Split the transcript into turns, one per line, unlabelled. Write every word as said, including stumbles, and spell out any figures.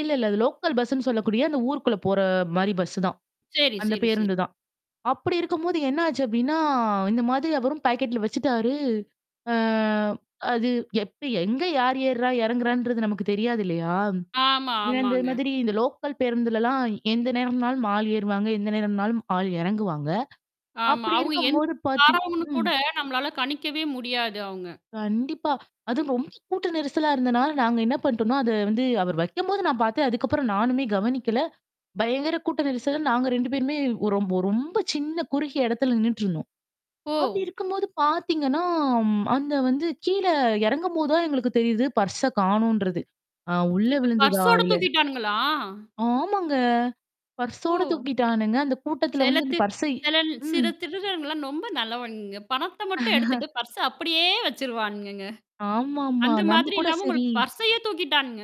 இல்ல, இல்ல. அது லோக்கல் பஸ்ன்னு சொல்லக்கூடிய அந்த ஊருக்குள்ள போற மாரி பஸ் தான்.
சரி,
அந்த
சரி, சரி.
பேருந்துதான். அப்படி இருக்கும்போது என்ன ஆச்சு அப்டின்னா இந்த மாதிரி அவரும் பாக்கெட்ல வச்சுட்டாரு. அ அது எப்ப, எங்க யார் ஏர்றா எறங்குறான்றது நமக்கு தெரியாது இல்லையா?
ஆமா,
இ இந்த
ஆமாங்க.
மாதிரி இந்த லோக்கல் பேருந்துலலாம் எந்த நேரம்னாலும் ஆள் ஏறுவாங்க, எந்த நேரம்னாலும் ஆள் இறங்குவாங்க.
ஆமா.
அப்படி
அவுங்க எந்த
இருக்கும்போது பார்த்
வாறவன்னு
ம்.
கூட நம்மளால கணிக்கவே முடியாது அவுங்க.
கண்டிப்பா. அதுவும் ரொம்ப கூட்ட நெரிசலா இருந்தனால நாங்க என்ன பண்ணோட்ம்னா அத வந்து அவர் வைக்கும்போது நான் பார்த்தேன். அதுக்கப்புறம் நானுமே கவனிக்கல. பயங்கர கூட்ட நெரிசல் நாங்க ரெண்டு பேருமே ஓரொ ரொம்ப சின்ன குறுகிய இடத்துல நின்னுட்டுருந்தோம். அப்படி
ஓ.
இருக்கும்போது பாத்தீங்கன்னா, அந்த வந்து கீழ எறங்கும்போது தான் எங்களுக்கு தெரியுது. பர்ஸ காணுன்றது. ஆ உள்ள
அச்சச்சோ!
விழுந்துதா
பர்சோட
இல்ல
தூக்கிட்டானுங்களா?
ஆமாங்க. பர்சோட
ஓ!
தூக்கிட்டானுங்க. அந்த கூட்டத்துல வந்து இந்த
செலத்து
பர்ஸ்ஸ
செல சில
ம்.
திருடனுங்கள்லாம் ரொம்ப நல்லவனுங்க. பணத்த மட்டும் எடுத்துட்டு பர்ச அப்படியே வச்சுருவான்ங்கங்க.
ஆமாமா.
அந்த
நம்ம
மாதிரி
கூட
இல்லாம
சரி
உங்களுக்கு பர்சையே தூக்கிட்டானுங்க.